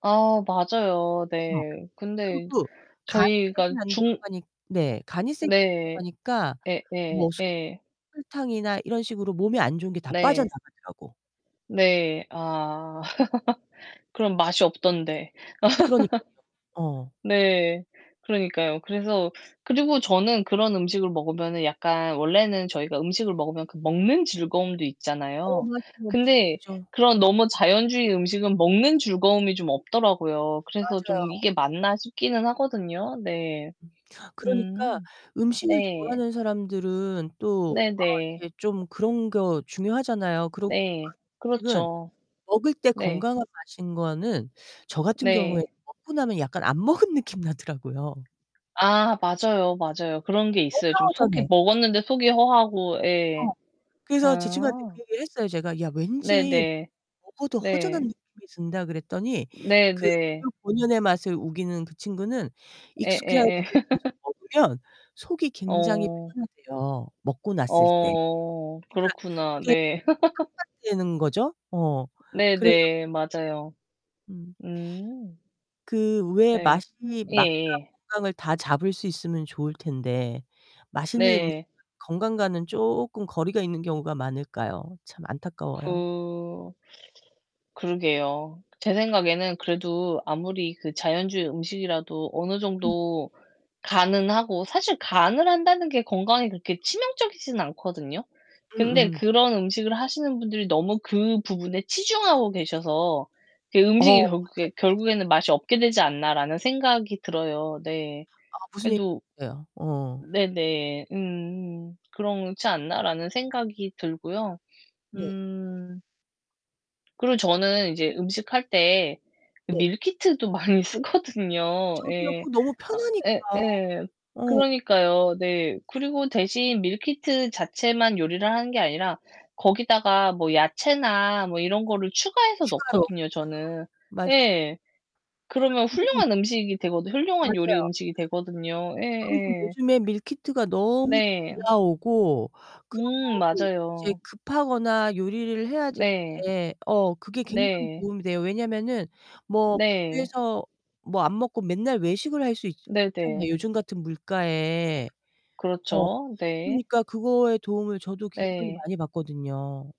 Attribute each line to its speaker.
Speaker 1: 아, 맞아요.
Speaker 2: 어.
Speaker 1: 네. 근데
Speaker 2: 그리고 간이 세게
Speaker 1: 저희가
Speaker 2: 안
Speaker 1: 중
Speaker 2: 들어가니 네, 간이 세게 안
Speaker 1: 네.
Speaker 2: 들어가니까
Speaker 1: 예예,
Speaker 2: 뭐 설 [unintelligible]
Speaker 1: 예.
Speaker 2: 설탕이나 이런 식으로 몸에 안 좋은 게 다
Speaker 1: 네.
Speaker 2: 빠져나가더라고.
Speaker 1: 네. 아. 그럼 맛이 없던데.
Speaker 2: 그러니깐요. 어.
Speaker 1: 네. 그러니까요. 그래서 그리고 저는 그런 음식을 먹으면은 약간 원래는 저희가 음식을
Speaker 2: [unintelligible]
Speaker 1: 먹으면 그 먹는 즐거움도
Speaker 2: 어,
Speaker 1: 있잖아요.
Speaker 2: 마 [unintelligible]
Speaker 1: 근데
Speaker 2: 죠.
Speaker 1: 그런 너무 자연주의 음식은 먹는 즐거움이 좀 없더라고요. 그래서 좀
Speaker 2: 맞아요.
Speaker 1: '이게 맞나?' 싶기는 하거든요. 네.
Speaker 2: 음. 그러니까
Speaker 1: 음.
Speaker 2: 음식을
Speaker 1: 네.
Speaker 2: 좋아하는 사람들은 또 아
Speaker 1: 네네.
Speaker 2: 이렇게 좀 그런 거 중요하잖아요. 그리고
Speaker 1: 네.
Speaker 2: 그런 음식은
Speaker 1: 그렇죠.
Speaker 2: 먹을 때
Speaker 1: 네.
Speaker 2: 건강한 맛인 거는 저 같은 경우에는
Speaker 1: 네.
Speaker 2: 먹고 나면 약간 안 먹은 느낌 나더라고요.
Speaker 1: 아 맞아요. 맞아요. 그런 게 있어요.
Speaker 2: 뭔가
Speaker 1: 좀
Speaker 2: 허전해.
Speaker 1: 속이 먹었는데 속이 허하고 예.
Speaker 2: 어. 그래서 제 친구한테
Speaker 1: 아.
Speaker 2: 그 얘기를 했어요, 제가. "야, 왠지
Speaker 1: 네네.
Speaker 2: 먹어도 허전한
Speaker 1: 네.
Speaker 2: 느낌이 든다." 그랬더니 그
Speaker 1: 네네.
Speaker 2: 재료 본연의 맛을 우기는 그 친구는 익숙해 [unintelligible]
Speaker 1: 예예예.
Speaker 2: 계속 먹으면 속이 굉장히
Speaker 1: 어.
Speaker 2: 편하대요 먹고 났을 때.
Speaker 1: 어.
Speaker 2: 그니까
Speaker 1: 그렇구나.
Speaker 2: 되게
Speaker 1: 네.
Speaker 2: [unintelligible] 되는 거죠. 어, 그래서
Speaker 1: 네네. 맞아요.
Speaker 2: 음.
Speaker 1: 음.
Speaker 2: 그 왜
Speaker 1: 네.
Speaker 2: 맛이 맛과
Speaker 1: 예예.
Speaker 2: 건강을 다 잡을 수 있으면 좋을 텐데 맛있는 음식은
Speaker 1: 네.
Speaker 2: 건강과는 조끔 거리가 있는 경우가 많을까요? 참 안타까워요.
Speaker 1: 그 그러게요. 제 생각에는 그래도 아무리 그 자연주의 음식이라도 어느
Speaker 2: 음.
Speaker 1: 정도 간은 하고 사실 간을 한다는 게 건강에 그렇게 치명적이진 않거든요. 근데
Speaker 2: 음음.
Speaker 1: '그런 음식을 하시는 분들이 너무 그 부분에 치중하고 계셔서 그
Speaker 2: 어,
Speaker 1: 음식이
Speaker 2: 뭔지 알
Speaker 1: 결국에
Speaker 2: 것 같아요.
Speaker 1: 결국에는 맛이 없게 되지 않나.'라는 생각이 들어요. 네.
Speaker 2: 아, 무슨 얘
Speaker 1: 그래도
Speaker 2: [unintelligible] 예요? 어.
Speaker 1: 네네. 음. 그렇지 않나라는 생각이 들고요.
Speaker 2: 네.
Speaker 1: 음 그리고 저는 이제 음식할 때
Speaker 2: 네.
Speaker 1: 밀키트도 많이 쓰거든요.
Speaker 2: 저도요.
Speaker 1: 예.
Speaker 2: 그 너무
Speaker 1: 아,
Speaker 2: 편하니까.
Speaker 1: 예예.
Speaker 2: 어.
Speaker 1: 그러니까요. 네. 그리고 대신 밀키트 자체만 요리를 하는게 아니라 거기다가 뭐 야채나 뭐 이런 거를 추가해서
Speaker 2: 추가로.
Speaker 1: 넣거든요, 저는.
Speaker 2: 음. 맞아요.
Speaker 1: 예.
Speaker 2: 아,
Speaker 1: 그러면
Speaker 2: 근데
Speaker 1: 훌륭한 음식이 되거든 훌륭한 요리
Speaker 2: 맞아요.
Speaker 1: 음식이 되거든요.
Speaker 2: 그리고
Speaker 1: 예예.
Speaker 2: 요즘에 밀키트가 너무 잘
Speaker 1: 네.
Speaker 2: 나오고
Speaker 1: 음,
Speaker 2: 그리고 이제
Speaker 1: 맞아요.
Speaker 2: 급하거나 요리를 해야
Speaker 1: 네.
Speaker 2: 되는데 어 그게 굉장히
Speaker 1: 네.
Speaker 2: 도움이 돼요. 왜냐면은 뭐
Speaker 1: 네.
Speaker 2: 집에서 뭐 안 먹고 맨날 외식을 할 수 있 [unintelligible] 잖아요,
Speaker 1: 네네.
Speaker 2: 요즘 같은 물가에. 어.
Speaker 1: 그렇죠. 네.
Speaker 2: 그러니까 그거에 도움을 저도 굉장히
Speaker 1: 네.
Speaker 2: 많이 받거든요.